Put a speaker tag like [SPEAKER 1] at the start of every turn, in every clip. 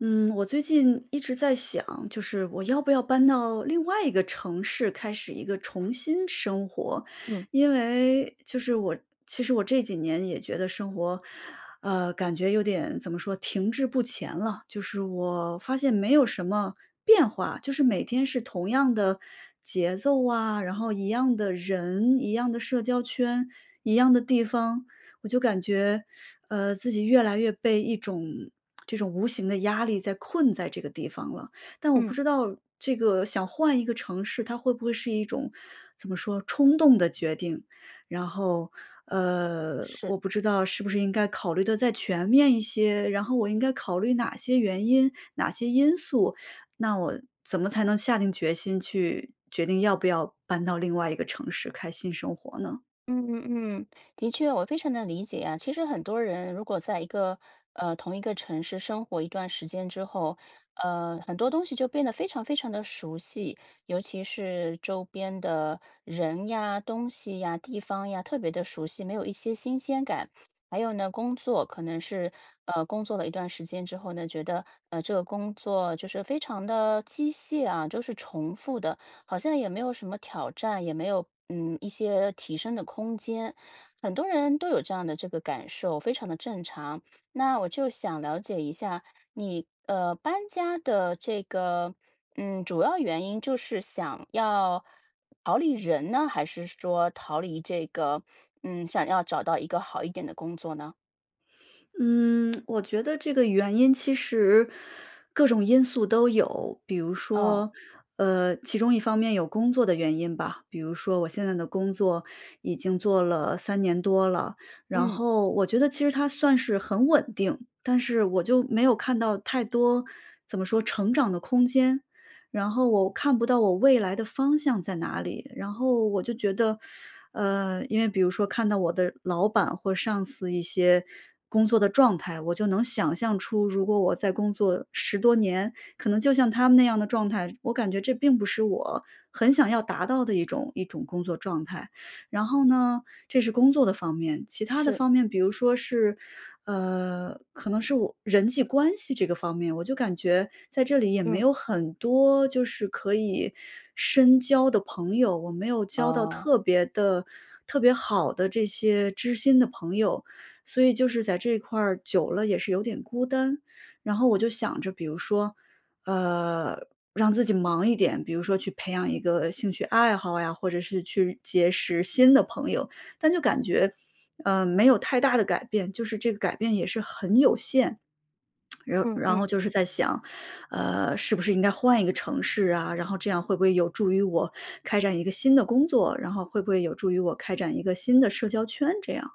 [SPEAKER 1] 嗯，我最近一直在想，就是我要不要搬到另外一个城市，开始一个重新生活。
[SPEAKER 2] 嗯。
[SPEAKER 1] 因为，就是我其实我这几年也觉得生活，呃，感觉有点怎么说，停滞不前了。就是我发现没有什么变化，就是每天是同样的节奏啊，然后一样的人、一样的社交圈、一样的地方，我就感觉，呃，自己越来越被一种这种无形的压力在困在这个地方了。但我不
[SPEAKER 2] 嗯。
[SPEAKER 1] 知道，这个想换一个城市，它会不会是一种怎么说，冲动的决定。然后，呃，
[SPEAKER 2] 是。
[SPEAKER 1] 我不知道是不是应该考虑得再全面一些，然后我应该考虑哪些原因、哪些因素，那我怎么才能下定决心，去决定要不要搬到另外一个城市开始新生活呢？
[SPEAKER 2] 嗯嗯嗯，的确，我非常能理解啊。其实很多人如果在一个呃，同一个城市生活一段时间之后，呃，很多东西就变得非常非常地熟悉，尤其是周边的人呀、东西呀、地方呀，特别地熟悉，没有一些新鲜感。还有呢，工作可能是，呃，工作了一段时间之后呢，觉得，呃，这个工作就是非常地机械啊，就是重复的，好像也没有什么挑战，也没有，嗯，一些提升的空间，很多人都有这样的这个感受，非常地正常。那我就想了解一下，你呃，搬家的这个，嗯，主要原因，就是想要逃离人呢，还是说逃离这个嗯，想要找到一个好一点的工作呢？
[SPEAKER 1] 嗯，我觉得这个原因其实各种因素都有。比如
[SPEAKER 2] 哦。
[SPEAKER 1] 说，呃，其中一方面有工作的原因吧，比如说我现在的工作已经做了3年多了。然
[SPEAKER 2] 嗯。
[SPEAKER 1] 后我觉得其实它算是很稳定，但是我就没有看到太多，怎么说成长的空间，然后我看不到我未来的方向在哪里，然后我就觉得，呃，因为比如说看到我的老板或上司一些工作的状态，我就能想象出如果我在工作10多年，可能就像他们那样的状态，我感觉这并不是我很想要达到的一种一种工作状态，然后呢这是工作的方面。其它的
[SPEAKER 2] 是。
[SPEAKER 1] 方面比如说是呃，可能是我人际关系这个方面，我就感觉在这里也没
[SPEAKER 2] 嗯。
[SPEAKER 1] 有很多，就是可以深交的朋友，我没有交到
[SPEAKER 2] 哦。
[SPEAKER 1] 特别的特别好的这些知心的朋友，所以就是在这块儿久了也是有点孤单，然后我就想着，比如说，呃，让自己忙一点，比如说去培养一个兴趣爱好呀，或者是去结识新的朋友，但就感觉，呃，没有太大的改变，就是这个改变也是很有限。然
[SPEAKER 2] 嗯
[SPEAKER 1] 然后
[SPEAKER 2] 嗯。
[SPEAKER 1] 就是在想，呃，是不是应该换一个城市啊，然后这样会不会有助于我开展一个新的工作，然后会不会有助于我开展一个新的社交圈这样。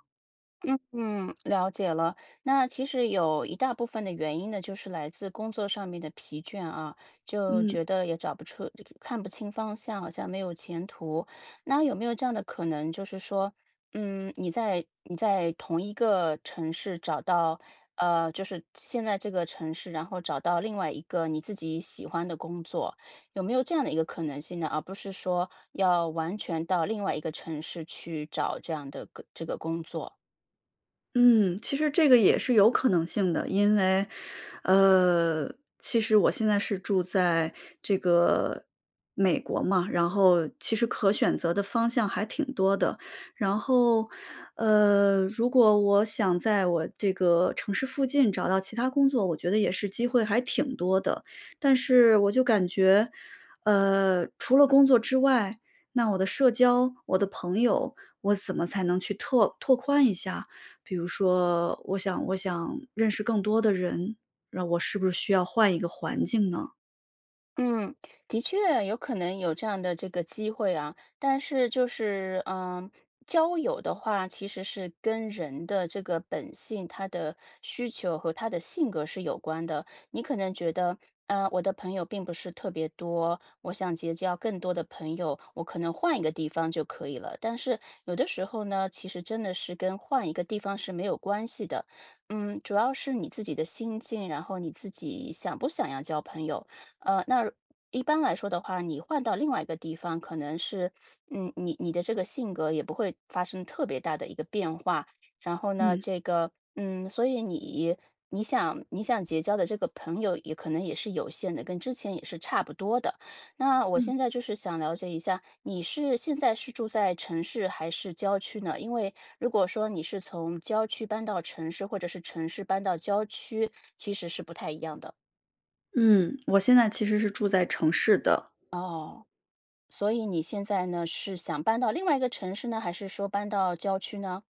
[SPEAKER 2] 嗯嗯，了解了。那其实有一大部分的原因呢就是来自工作上面的疲倦啊，就
[SPEAKER 1] 嗯。
[SPEAKER 2] 觉得也找不出就看不清方向，好像没有前途。那有没有这样的可能就是说，嗯，你在你在同一个城市找到，呃，就是现在这个城市，然后找到另外一个你自己喜欢的工作。有没有这样的一个可能性呢？而不是说要完全到另外一个城市去找这样的个这个工作。
[SPEAKER 1] 嗯，其实这个也是有可能性的。因为，呃，其实我现在是住在这个美国嘛，然后其实可选择的方向还挺多的，然后，呃，如果我想在我这个城市附近找到其它工作，我觉得也是机会还挺多的。但是我就感觉，呃，除了工作之外，那我的社交，我的朋友，我怎么才能去拓拓宽一下？比如说我想我想认识更多的人，那我是不是需要换一个环境呢？
[SPEAKER 2] 嗯。的确有可能有这样的这个机会啊，但是就是，呃，交友的话，其实是跟人的这个本性，他的需求和他的性格是有关的。你可能觉得：“呃，我的朋友并不是特别多，我想结交更多的朋友，我可能换一个地方就可以了。”但是，有的时候呢，其实真的是跟换一个地方是没有关系的。嗯，主要是你自己的心境，然后你自己想不想要交朋友。呃，那一般来说的话，你换到另外一个地方，可能是，嗯，你你的这个性格也不会发生特别大的一个变化。然后呢，
[SPEAKER 1] 嗯。
[SPEAKER 2] 这个，嗯，所以你你想你想结交的这个朋友也可能也是有限的，跟之前也是差不多的。那我
[SPEAKER 1] 嗯。
[SPEAKER 2] 现在就是想了解一下你是现在是住在城市还是郊区呢？因为如果说你是从郊区搬到城市，或者是城市搬到郊区，其实是不太一样的。
[SPEAKER 1] 嗯，我现在其实是住在城市的。
[SPEAKER 2] 哦，所以你现在呢是想搬到另外一个城市呢，还是说搬到郊区呢？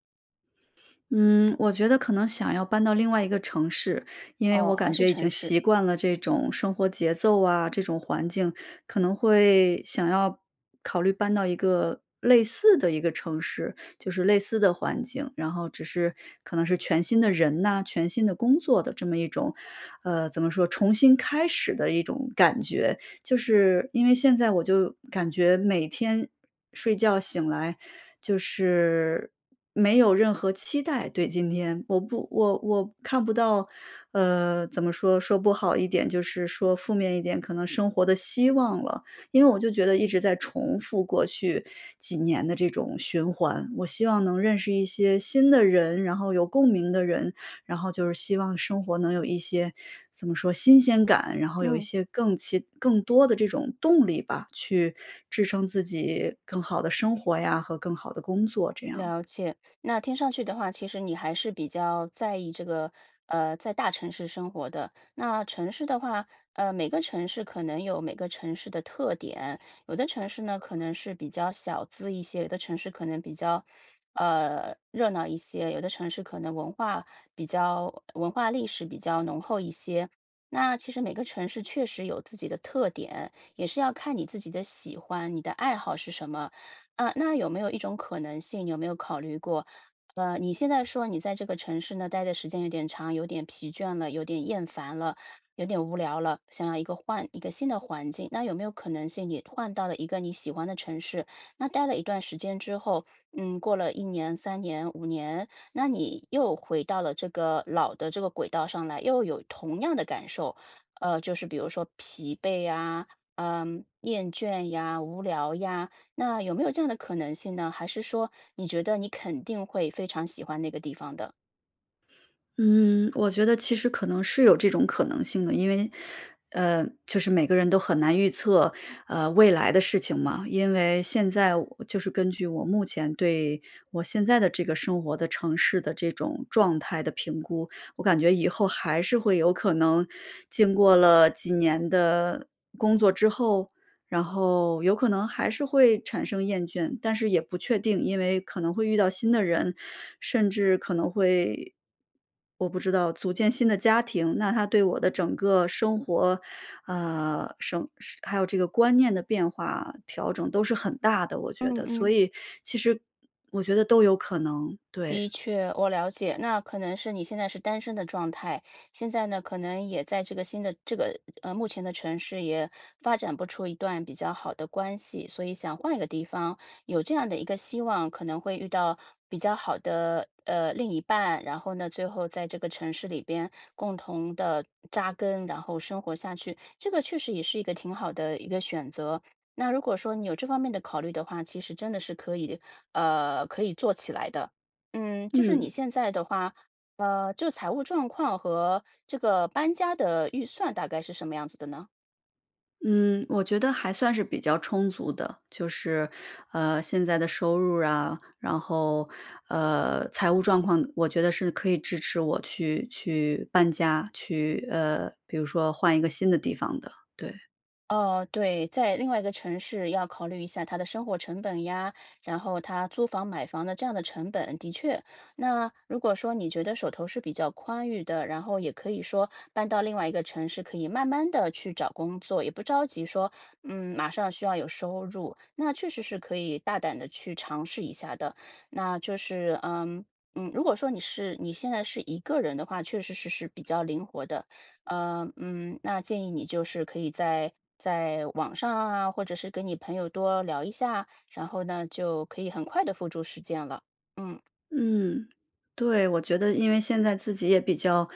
[SPEAKER 1] 嗯，我觉得可能想要搬到另外一个城市。因为
[SPEAKER 2] 哦，
[SPEAKER 1] 我
[SPEAKER 2] 还
[SPEAKER 1] 感
[SPEAKER 2] 是
[SPEAKER 1] 觉已经
[SPEAKER 2] 城市。
[SPEAKER 1] 习惯了这种生活节奏啊，这种环境可能会想要考虑搬到一个类似的一个城市，就是类似的环境，然后只是可能是全新的人呐，全新的工作的这么一种呃，怎么说，重新开始的一种感觉。就是因为现在我就感觉每天睡觉醒来就是，没有任何期待对今天。我不我我看不到，呃，怎么说，说不好一点就是说负面一点，可能生活的希望了，因为我就觉得一直在重复过去几年的这种循环。我希望能认识一些新的人，然后有共鸣的人，然后就是希望生活能有一些怎么说，新鲜感，然后有一
[SPEAKER 2] 嗯。
[SPEAKER 1] 些更奇更多的这种动力吧，去支撑自己更好的生活呀和更好的工作，这样。
[SPEAKER 2] 了解。那听上去的话，其实你还是比较在意这个呃，在大城市生活的。那城市的话，呃，每个城市可能有每个城市的特点，有的城市呢，可能是比较小资一些，有的城市可能比较，呃，热闹一些，有的城市可能文化比较文化历史比较浓厚一些。那其实每个城市确实有自己的特点，也是要看你自己的喜欢，你的爱好是什么。呃，那有没有一种可能性有没有考虑过，呃，你现在说你在这个城市呢，待的时间有点长，有点疲倦了，有点厌烦了，有点无聊了，想要一个换一个新的环境，那有没有可能性你换到了一个你喜欢的城市，那待了一段时间之后，嗯，过了1年、3年、5年，那你又回到了这个老的这个轨道上来，又有同样的感受。呃，就是比如说疲惫呀，呃，厌倦呀、无聊呀，那有没有这样的可能性呢？还是说你觉得你肯定会非常喜欢那个地方的？
[SPEAKER 1] 嗯，我觉得其实可能是有这种可能性的。因为，呃，就是每个人都很难预测，呃，未来的事情嘛。因为现在我就是根据我目前对我现在的这个生活的城市的这种状态的评估，我感觉以后还是会有可能，经过了几年的，工作之后，然后有可能还是会产生厌倦，但是也不确定。因为可能会遇到新的人，甚至可能会我不知道，组建新的家庭。那它对我的整个生活，呃，生还有这个观念的变化，调整都是很大的，我觉
[SPEAKER 2] 嗯
[SPEAKER 1] 得。所
[SPEAKER 2] 嗯。
[SPEAKER 1] 以其实我觉得都有可能，
[SPEAKER 2] 的
[SPEAKER 1] 对。
[SPEAKER 2] 确，我了解，那可能是你现在是单身的状态。现在呢，可能也在这个新的这个呃，目前的城市也，发展不出一段比较好的关系，所以想换一个地方。有这样的一个希望，可能会遇到比较好的，呃，另一半，然后呢，最后在这个城市里边共同地扎根，然后生活下去。这个确实也是一个挺好的一个选择。那如果说你有这方面的考虑的话，其实真的是可以呃，可以做起来的。嗯，就是你
[SPEAKER 1] 嗯。
[SPEAKER 2] 现在的话，呃，这个财务状况，和这个搬家的预算大概是什么样子的呢？
[SPEAKER 1] 嗯。我觉得还算是比较充足的。就是，呃，现在的收入啊，然后，呃，财务状况我觉得是可以支持我去去搬家，去呃，比如说换一个新的地方的，对。
[SPEAKER 2] 哦，对。在另外一个城市要考虑一下它的生活成本呀，然后它租房买房的这样的成本，的确。那如果说你觉得手头是比较宽裕的，然后也可以说搬到另外一个城市，可以慢慢地去找工作，也不着急，说嗯，马上需要有收入。那确实是可以大胆地去尝试一下的，那就是，嗯，嗯，如果说你是你现在是一个人的话，确实是是比较灵活的。呃，嗯，那建议你就是可以在在网上啊，或者是跟你朋友多聊一下，然后呢，就可以很快地付诸实践了。嗯。
[SPEAKER 1] 嗯。对。我觉得因为现在自己也比较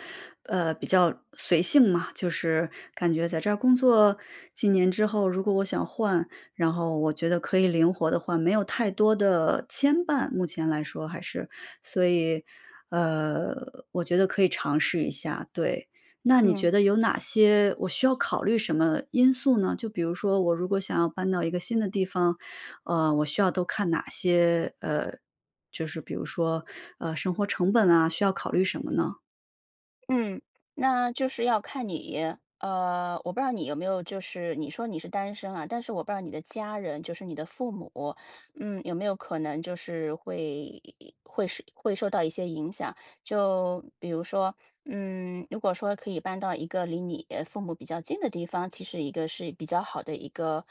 [SPEAKER 1] 呃，比较随性嘛，就是感觉在这儿工作几年之后，如果我想换，然后我觉得可以灵活地换，没有太多的牵绊，目前来说还是。所以，呃，我觉得可以尝试一下，对，那你
[SPEAKER 2] 嗯。
[SPEAKER 1] 觉得有哪些我需要考虑什么因素呢？就比如说我如果想要搬到一个新的地方，呃，我需要都看哪些呃，就是比如，说，呃，生活成本啊，需要考虑什么呢？
[SPEAKER 2] 嗯，那就是要看你。呃，我不知道你有没有就是你说你是单身啊，但是我不知道你的家人，就是你的父母，嗯，有没有可能就是会会受会受到一些影响。就比如说，嗯，如果说可以搬到一个离你父母比较近的地方，其实一个是比较好的一个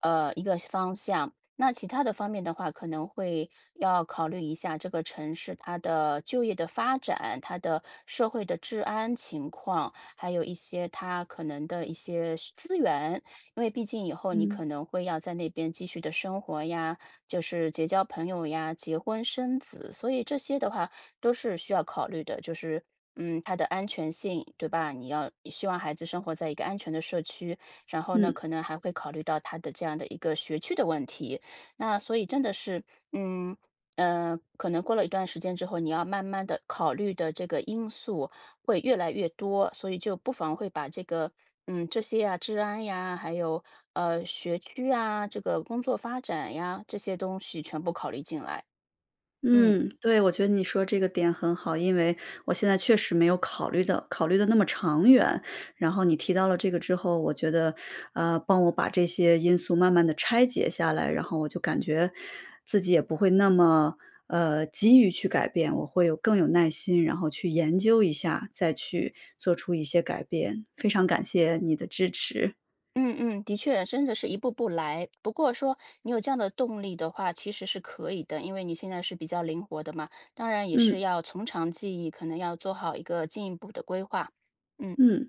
[SPEAKER 2] 呃，一个方向。那其它的方面的话，可能会要考虑一下这个城市，它的就业的发展，它的社会的治安情况，还有一些它可能的一些资源，因为毕竟以后你可
[SPEAKER 1] 嗯。
[SPEAKER 2] 能会要在那边继续地生活呀，就是结交朋友呀，结婚生子，所以这些的话都是需要考虑的，就是，嗯，它的安全性，对吧？你要希望孩子生活在一个安全的社区，然后呢
[SPEAKER 1] 嗯。
[SPEAKER 2] 可能还会考虑到它的这样的一个学区的问题。那所以真的是嗯，呃，可能过了一段时间之后，你要慢慢地考虑的这个因素会越来越多，所以就不妨会把这个，嗯，这些呀，治安呀，还有，呃，学区啊，这个工作发展呀，这些东西全部考虑进来，嗯。
[SPEAKER 1] 嗯，对。我觉得你说这个点很好，因为我现在确实没有考虑得考虑得那么长远，然后你提到了这个之后，我觉得，呃，帮我把这些因素慢慢地拆解下来，然后我就感觉自己也不会那么，呃，急于去改变，我会有更有耐心，然后去研究一下，再去做出一些改变，非常感谢你的支持。
[SPEAKER 2] 嗯嗯。的确，真的是一步步来。不过说你有这样的动力的话，其实是可以的，因为你现在是比较灵活的嘛，当然也是
[SPEAKER 1] 嗯。
[SPEAKER 2] 要从长计议，可能要做好一个进一步的规划，嗯。
[SPEAKER 1] 嗯。